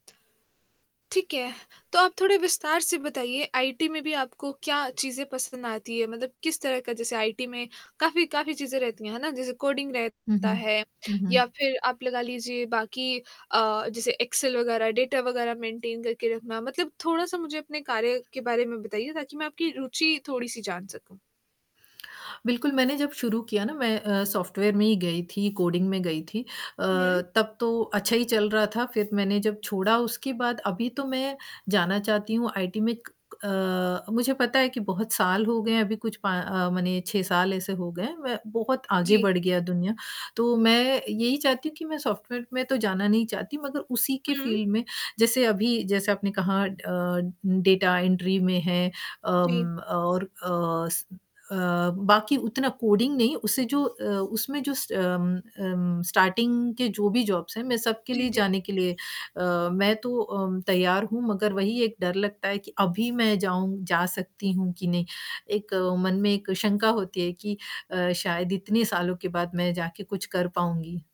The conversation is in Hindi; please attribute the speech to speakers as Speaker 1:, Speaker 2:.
Speaker 1: ठीक है, तो आप थोड़े विस्तार से बताइए आईटी में भी आपको क्या चीज़ें पसंद आती है? मतलब किस तरह का जैसे आईटी में काफ़ी काफ़ी चीज़ें रहती हैं, है ना? जैसे कोडिंग
Speaker 2: हुँ,
Speaker 1: रहता
Speaker 2: हुँ,
Speaker 1: है
Speaker 2: हुँ,
Speaker 1: या
Speaker 2: हुँ।
Speaker 1: फिर आप लगा लीजिए बाकी अ, जैसे एक्सेल वगैरह, डाटा वगैरह मेंटेन करके रखना, मतलब थोड़ा सा मुझे अपने कार्य के बारे में बताइए, ताकि मैं आपकी रूचि थोड़ी सी जान सकूँ।
Speaker 2: बिल्कुल मैंने जब शुरू किया ना, मैं अ, सॉफ्टवेयर में ही गई थी, कोडिंग में गई थी अ,
Speaker 1: हुँ।
Speaker 2: तब तो अच्छा ही चल रहा था। फिर मैंने जब छोड़ा उसके बाद अभी तो मैं जाना चाहती हूँ आईटी में क क अ, मुझे पता है कि बहुत साल हो गए हैं, अभी कुछ पा अ, माने 6 साल ऐसे हो गए हैं, मैं बहुत आगे
Speaker 1: जी।
Speaker 2: बढ़ गई दुनिया, तो मैं यही चाहती हूँ कि मैं सॉफ्टवेयर में तो जाना नहीं चाहती मगर उसी के
Speaker 1: हुँ।
Speaker 2: फील्ड में जैसे अभी जैसे आपने कहा अ, डाटा एंट्री में है
Speaker 1: जी।
Speaker 2: अम, और अ, स अ, बाकी उतना कोडिंग नहीं, उसे जो अ, उसमें जो स उम उम, स्टार्टिंग की जो भी जॉब्स हैं मैं सबके
Speaker 1: जी,
Speaker 2: लिए
Speaker 1: जी।
Speaker 2: जाने के लिए अ, मैं तो उम, तैयार हूँ मगर वही एक डर लगता है कि अभी मैं जाऊँ जा सकती हूँ कि नहीं, एक मन में एक शंका होती है कि अ, शायद इतने सालों के बाद मैं जाके कुछ कर पाऊँगी?